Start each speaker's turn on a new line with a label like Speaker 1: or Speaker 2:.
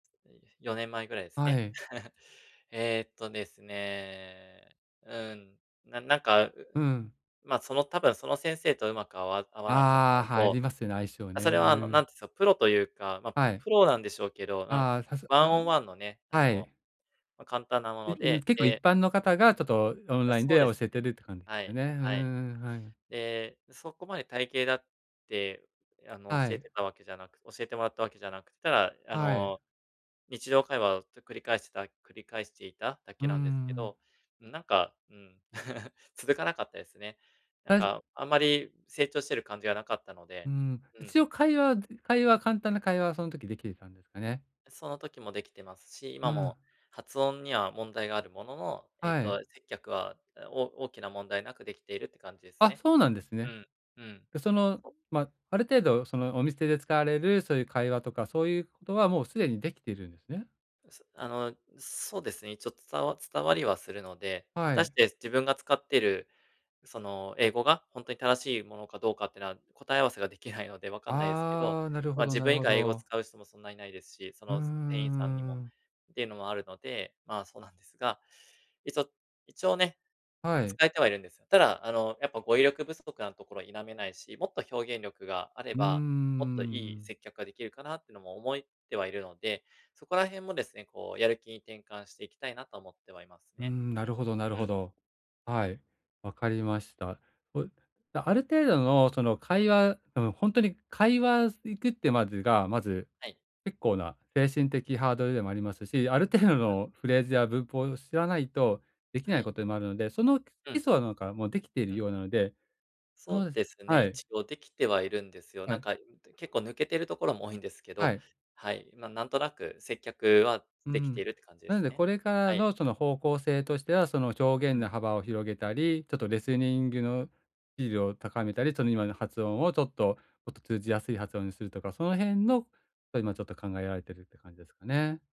Speaker 1: いえ、4年前ぐらいです
Speaker 2: は
Speaker 1: ね。
Speaker 2: い。
Speaker 1: ええっとですね、うん、ななんか、
Speaker 2: うん。
Speaker 1: まあ、その多分その先生とうまく合わ合わなかったの
Speaker 2: ああ、はいり
Speaker 1: と、
Speaker 2: ますよね、相性
Speaker 1: まあ、それ
Speaker 2: ね、
Speaker 1: は
Speaker 2: う
Speaker 1: あの、なん
Speaker 2: ん。
Speaker 1: て言うんですか、プロというか、まあ、
Speaker 2: は
Speaker 1: プ
Speaker 2: い。
Speaker 1: プロなんでしょうけど、あ、
Speaker 2: ああ、さす
Speaker 1: ワ
Speaker 2: あ
Speaker 1: ンオ
Speaker 2: あ。
Speaker 1: ンワンのね、あ
Speaker 2: は
Speaker 1: の、
Speaker 2: い。
Speaker 1: まあ簡単なも
Speaker 2: え、
Speaker 1: の
Speaker 2: うん、
Speaker 1: で、
Speaker 2: 結構一
Speaker 1: で
Speaker 2: 般の方がちょっとオン
Speaker 1: あ、
Speaker 2: ライン
Speaker 1: そ
Speaker 2: で
Speaker 1: うで
Speaker 2: 教
Speaker 1: す
Speaker 2: えて
Speaker 1: ね。
Speaker 2: るって感じで
Speaker 1: は
Speaker 2: すよ
Speaker 1: い、
Speaker 2: ね。うー
Speaker 1: はい。
Speaker 2: ん、はい。
Speaker 1: で、そこまで体系だって、あの、
Speaker 2: は
Speaker 1: 教え
Speaker 2: い。
Speaker 1: てたわけじゃなく教えてもらったわけじゃなく、ただあ
Speaker 2: はい。
Speaker 1: の、日常会話をずっと繰り返してた繰り返していただ
Speaker 2: う
Speaker 1: け
Speaker 2: ー
Speaker 1: なんですけど、
Speaker 2: ん。
Speaker 1: うんなんか、うーん。続かなかったですね。なん
Speaker 2: たし
Speaker 1: かあんまり成長してる感じがなかったの
Speaker 2: う
Speaker 1: で、
Speaker 2: ーん、
Speaker 1: うん。
Speaker 2: 一応会話で会話簡単な会話はその時できてたんですかね？
Speaker 1: その時もできてますし、
Speaker 2: う
Speaker 1: 今
Speaker 2: ん。
Speaker 1: も発音には問題があるものの、えっ
Speaker 2: は
Speaker 1: と、
Speaker 2: い。
Speaker 1: 接客は、お大きな問題なくできているって感じです
Speaker 2: あ、
Speaker 1: ね。
Speaker 2: そうなんです
Speaker 1: う
Speaker 2: ね。
Speaker 1: ん、うん。
Speaker 2: でそのまあ、ある程度そのお店で使われる、そういう会話とか、そういうことはもうすでにできているんですね。
Speaker 1: あの、そうですね、一応伝わ伝わりはするので、果
Speaker 2: は
Speaker 1: たし
Speaker 2: い。
Speaker 1: て自分が使ってる、その英語がほんとに正しいものかどうかっていうのは、答え合わせができないので分かんないですけど、
Speaker 2: ああ、なるほ
Speaker 1: まあ、
Speaker 2: ど
Speaker 1: 自
Speaker 2: なる
Speaker 1: 分以
Speaker 2: ほ
Speaker 1: 外英語を
Speaker 2: ど。
Speaker 1: 使う人もそんないないですし、そ
Speaker 2: うー
Speaker 1: の、す店員さんにも
Speaker 2: ん。
Speaker 1: っていうのもあるので、まあそうなんですが、一応一応ね、
Speaker 2: はい。
Speaker 1: 使えてはいるんですよ。ただあの、やっぱ語彙力不足なところは否めないし、もっと表現力があれ
Speaker 2: うー
Speaker 1: ば、もっといい
Speaker 2: ん。
Speaker 1: 接客ができるかなっていうのも思いってはいるので、そこら辺もですね、こうやる気に転換していきたいなとは思ってはいます
Speaker 2: うー
Speaker 1: ね。
Speaker 2: ん、なるほどなる
Speaker 1: う
Speaker 2: ほ
Speaker 1: ん。
Speaker 2: ど。
Speaker 1: う
Speaker 2: は
Speaker 1: ん。
Speaker 2: い、わかりました。これ、ある程度のその会話あのほんとに会話す行くってまでがまず
Speaker 1: はい。
Speaker 2: 結構な精神的ハードルでもありますし、ある程度
Speaker 1: うふ。
Speaker 2: のフレーズや文法を知らないとでき
Speaker 1: は
Speaker 2: ない
Speaker 1: い。
Speaker 2: ことでもあるので、その基
Speaker 1: うん。
Speaker 2: 礎はなんかもうできている
Speaker 1: うん。
Speaker 2: ようなので。
Speaker 1: そ
Speaker 2: そう
Speaker 1: う
Speaker 2: です、
Speaker 1: ですね、
Speaker 2: はい。
Speaker 1: 一応できてはいるんですよ。
Speaker 2: は
Speaker 1: なん
Speaker 2: い。
Speaker 1: か、うんと、結構抜けてるところも多いんですけ
Speaker 2: は
Speaker 1: ど、
Speaker 2: い。
Speaker 1: はい、ま、なんとなく接客は
Speaker 2: う
Speaker 1: できて
Speaker 2: ん。
Speaker 1: いるって感じで
Speaker 2: なの
Speaker 1: す
Speaker 2: で
Speaker 1: ね。
Speaker 2: これから
Speaker 1: はい。
Speaker 2: のその方向性としては、その表
Speaker 1: う
Speaker 2: 現の
Speaker 1: ん。
Speaker 2: 幅を広げたり、ちょっとレスニングの維持を高めたり、その今の発音をちょっともっと通じやすい発音にするとか、その辺のと今ちょっと考えられているって感じですかね。